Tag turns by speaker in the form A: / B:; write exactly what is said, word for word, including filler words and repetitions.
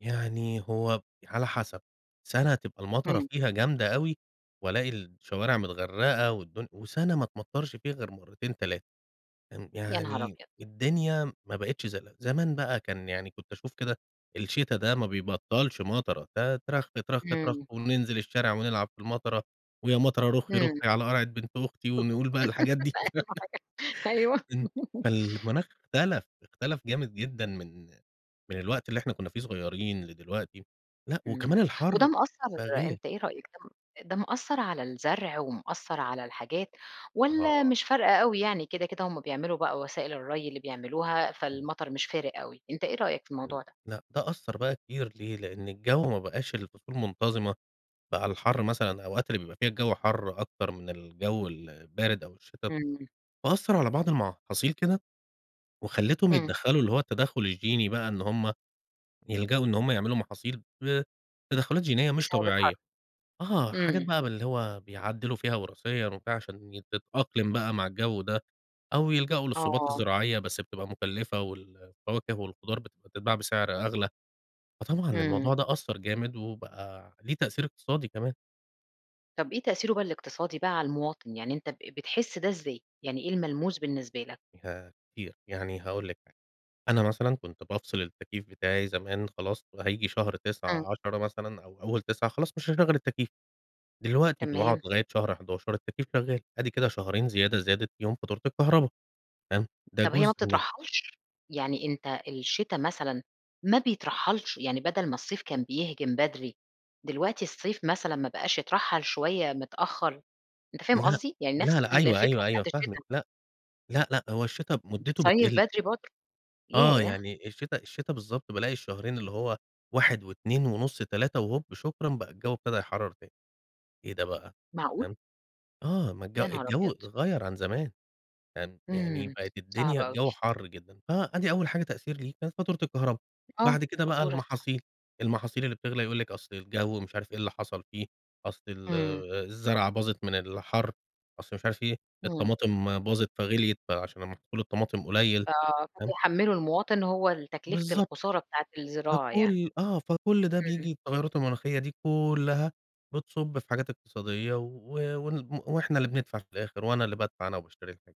A: يعني هو على حسب، سنة تبقى المطرة
B: امم.
A: فيها جامدة أوي، وألاقي الشوارع متغرقة والدن وسنة ما تمطرش فيها غير مرتين تلاتة ان
B: يا نهار
A: يعني
B: أبيض!
A: الدنيا ما بقتش زي زمان بقى كان يعني كُنت أشوف كده الشتا ده ما بيبطّلش مطرة، ت ترخ، ترخ، ترخ
B: امم.
A: وننزل الشارع ونلعب في المطرة، ويا مطرة رُخي
B: امم.
A: رُخي على قرعة بنت أختي
B: أيوه،
A: ونقول بقى الحاجات دي بتاع
B: أي أيوه
A: ان فالمناخ أختلف، أختلف جامد جدًا من من الوقت اللي إحنا كنا في صغيرين لدلوقتي، لأ
B: امم
A: وكمان
B: وده
A: الحَر
B: مأثر
A: بقي غير.
B: أنت إيه رأيك ده م ده مأثر على الزرع ومأثر على الحاجات والّا
A: آه.
B: مش فارقة أوي يعني كده، كده هم بيعملوا بقى وسائل الري اللي بيعملوها فالمطر مش فارق أوي أنت إيه رأيك في الموضوع ده؟
A: لأ ده أثّر بقى كتير ليه؟ لأن الجو ما بقاش الفصول منتظمة، بقى الحَر مثلًا الأوقات اللي بيبقى فيها الجو حَر أكتر من الجو البارد أو الشتا،
B: امم.
A: فأثر على بعض المحاصيل كده وخليتهم
B: امم.
A: يتدّخلوا اللي هو التدخل الجيني بقى إن هم يلجؤوا إن هم يعملوا محاصيل بتدخلات جينية مش
B: بسبب الحَر.
A: طبيعية آه، حاجات
B: امم.
A: بقى باللي هو بيعدلوا فيها وراثيًا وفيها عشان تتأقلم بقى مع الجو ده، أو يلجؤوا للصوبات
B: آه.
A: الزراعية بس بتبقى مكلفة، والفواكه والخضار بت بتباع بسعر أغلى، فطبعًا
B: امم.
A: الموضوع ده أثّر جامد و بقى ليه تأثير إقتصادي كمان.
B: طب إيه تأثيره بقي الاقتصادي بقى على المواطن يعني أنت ب بتحس ده إزاي يعني إيه الملموس بالنسبه لك؟
A: ياه! كتير، يعني هاقول لِك حاجة، أنا مثلًا كُنت بافصل التكييف بتاعي زمان خلاص، هييجي شهر
B: امم.
A: تسعة عشرة مثلًا أو أول تسعة خلاص مش هاشغل التكييف، دلوقتي ب باقعد
B: تمام.
A: لغاية شهر حداشر التكييف شغال أدي كده شهرين زيادة زادت فيهم فاتورة الكهرباء تمام، ده
B: طب هي ما
A: جزء من
B: بتترحلش؟ يعني أنت الشتا مثلًا ما بيترحلش يعني بدل ما الصيف كان بيهجم بدري دلوقتي الصيف مثلًا ما بقاش يترحّل شوية متأخر أنت فاهم
A: لأ،
B: قصدي يعني نفس
A: لأ، لأ أيوه،
B: الفكرة
A: أيوه،
B: بتاعة
A: أيوه فاهمِك
B: الشتا؟
A: لأ، لأ، لأ، هو الشتا مدته
B: بتصيّف
A: بتقل.
B: بدري برضه؟
A: آه
B: ياه!
A: يعني الشتا الشتا بالضبط بالاقي الشهرين اللي هو واحد واتنين ونص تلاتة وهوب شكرًا بقى الجو ابتدي يحرر تاني إيه ده بقى
B: معقول؟!
A: تمام؟ آه ما الجو
B: يا نهار
A: الجو
B: أبيض!
A: غَيَّر عن زمان [unintelligible] يعني
B: امم
A: بقت الدنيا
B: صعبة أوي.
A: الجو حر جدًا فأدي أول حاجة تأثير ليه كانت فاتورة الكهربا
B: آه
A: بعد كده بقى
B: فاتورة صح.
A: المحاصيل، المحاصيل اللي بتغلي يقول لِك أصل الجو مش عارف إيه اللي حصل فيه أصل ال
B: امم.
A: الزرعة باظت من الحَر، أصل مش عارف إيه؟
B: امم.
A: الطماطم باظت فغليت عشان محصول الطماطم قليل
B: آه
A: تمام؟
B: فبيحمّلوا المواطن هو ال تكلفة
A: بالضبط.
B: الخسارة بتاعة الزراعة يعني.
A: فكل آه فكل ده
B: امم.
A: بييجي التغيرات المناخية دي كلها بتصُب في حاجات إقتصادية و ون وإحنا اللي بندفع في الآخر وأنا اللي بادفع أنا وباشتري الحاجة.